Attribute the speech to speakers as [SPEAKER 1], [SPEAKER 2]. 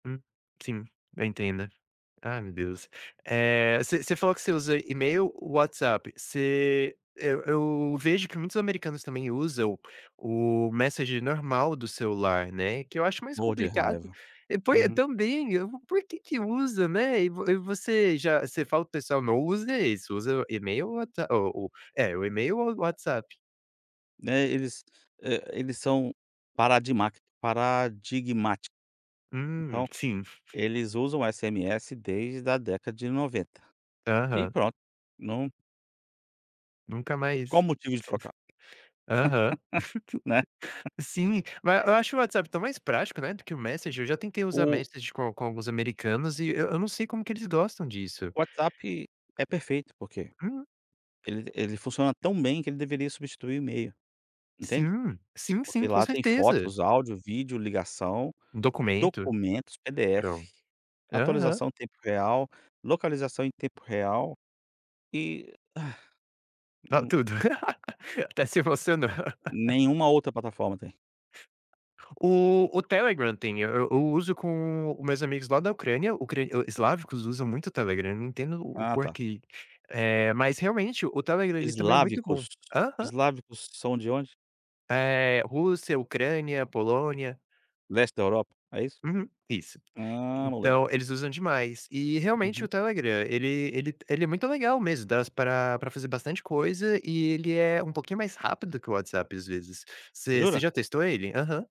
[SPEAKER 1] Hum, sim, eu entendo. Ai, meu Deus. Eh, você você falou que você usa e-mail ou WhatsApp, você eu eu vejo que muitos americanos também usam o messenger normal do celular, né, que eu acho mais
[SPEAKER 2] Morro de
[SPEAKER 1] complicado.
[SPEAKER 2] raiva.
[SPEAKER 1] É, poi
[SPEAKER 2] Uhum.
[SPEAKER 1] também, eu por quê que usa, né? E vo e você já você fala para o pessoal: "Não usa isso, usa o e-mail ou what o o é, o e-mail ou WhatsApp".
[SPEAKER 2] Né, eles eh, eles são paradimác paradigmáticas.
[SPEAKER 1] Hum,
[SPEAKER 2] Então
[SPEAKER 1] sim.
[SPEAKER 2] eles usam o SMS desde da década de 90. E
[SPEAKER 1] Aham.
[SPEAKER 2] pronto, não
[SPEAKER 1] Nunca
[SPEAKER 2] Qual
[SPEAKER 1] mais
[SPEAKER 2] motivo de trocar?
[SPEAKER 1] Aham.
[SPEAKER 2] Né.
[SPEAKER 1] Sim, ma eu acho o WhatsApp tão mais prático, né, do que o messenger, eu já tentei usar
[SPEAKER 2] O
[SPEAKER 1] messenger com com alguns americanos e e eu não sei como que eles gostam disso.
[SPEAKER 2] O WhatsApp é perfeito, porque
[SPEAKER 1] Hum.
[SPEAKER 2] ele ele funciona tão bem que ele deveria substituir o e-mail, entende?
[SPEAKER 1] Sim, sim, sim,
[SPEAKER 2] Porque
[SPEAKER 1] com
[SPEAKER 2] lá tem
[SPEAKER 1] certeza.
[SPEAKER 2] fotos, áudio, vídeo, ligação,
[SPEAKER 1] Um documento.
[SPEAKER 2] documentos,
[SPEAKER 1] Pron
[SPEAKER 2] PDF,
[SPEAKER 1] aham.
[SPEAKER 2] atualização em tempo real, localização em tempo real, e E
[SPEAKER 1] Tá
[SPEAKER 2] um
[SPEAKER 1] tudo. Até se emocionou.
[SPEAKER 2] Nenhuma outra plataforma tem.
[SPEAKER 1] O o Telegram tem, e eu uso com os meus amigos lá da Ucrânia, ucra islavicos, usam muito o Telegram, não entendo o
[SPEAKER 2] Ah, tá.
[SPEAKER 1] porquê, eh, mas realmente o Telegram ele também é muito bom.
[SPEAKER 2] Islávicos.
[SPEAKER 1] Aham.
[SPEAKER 2] Islávicos são de onde?
[SPEAKER 1] Eh, Rússia, Ucrânia, Polônia.
[SPEAKER 2] Leste da Europa, é isso?
[SPEAKER 1] Uhum, isso.
[SPEAKER 2] Ah, moleque.
[SPEAKER 1] Então eles usam demais. E realmente o
[SPEAKER 2] Uhum.
[SPEAKER 1] Telegram ele ele ele é muito legal mesmo, dá s para para fazer bastante coisa e ele é um pouquinho mais rápido que o WhatsApp, às vezes. Você você
[SPEAKER 2] Jura?
[SPEAKER 1] já testou ele? Aham.